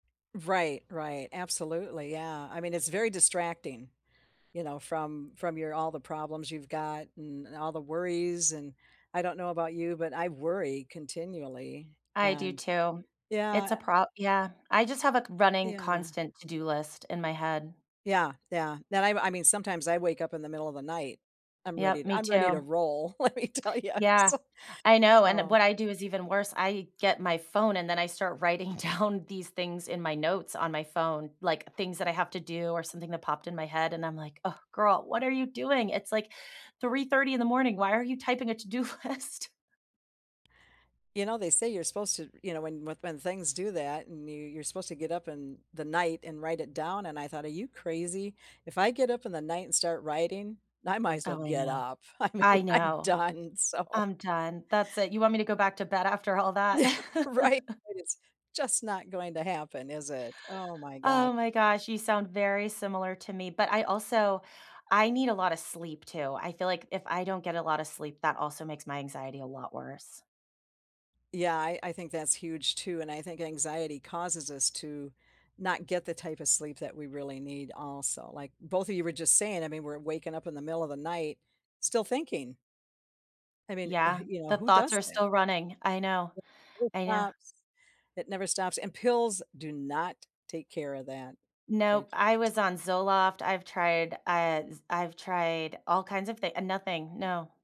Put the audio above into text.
Right, right, absolutely, yeah, I mean, it's very distracting, you know, from from your all the problems you've got, and all the worries, and I don't know about you, but I worry continually, I do, and too. It's a yeah prob yeah, I just have a c running Yeah. constant to-do list in my head. Yeah, yeah, that I m I mean, sometimes I wake up in the middle of the night. I'm ready Yep, t me I'm ready to too. roll, let me tell you, I'm Yeah, so, I know, and, eh, so what I do is even worse. I get my phone, and then I start writing down these things in my notes on my phone, like, things that I have to do, or something that popped in my head, and I'm like, "Oh, girl, what are you doing? It's, like, 03:30 in the morning. Why are you typing a to-do list?" You know, they say you're supposed to, you know, when when when things do that, and you you're supposed to get up in the night, and write it down, and I thought, "Are you crazy?" If I get up in the night, and start writing, I might as well Oh, I get know, up. I mean, I I'm know. done, so I'm done, that's it, you want me to go back to bed after all that? Yeah, right? It is just not going to happen, is it? Oh, my god. Oh, my gosh, you sound very similar to me, but I also I need a lotta sleep, too. I feel like if I don't get a lotta sleep, that also makes my anxiety a lot worse. Yeah, I I think that is huge too, and I think anxiety causes us to not get the type of sleep that we really need also, like both of you were just saying, I mean, we're waking up in the middle of the night still thinking. I mean, e wh Yeah, you know, the who thoughts does are that? still running. I know. It never I know. stops, it never stops, and pills do not take care of that, they Nope, I just was on Zoloft. I've tried, I s I've tried all kinds of thi ah, nothing, no.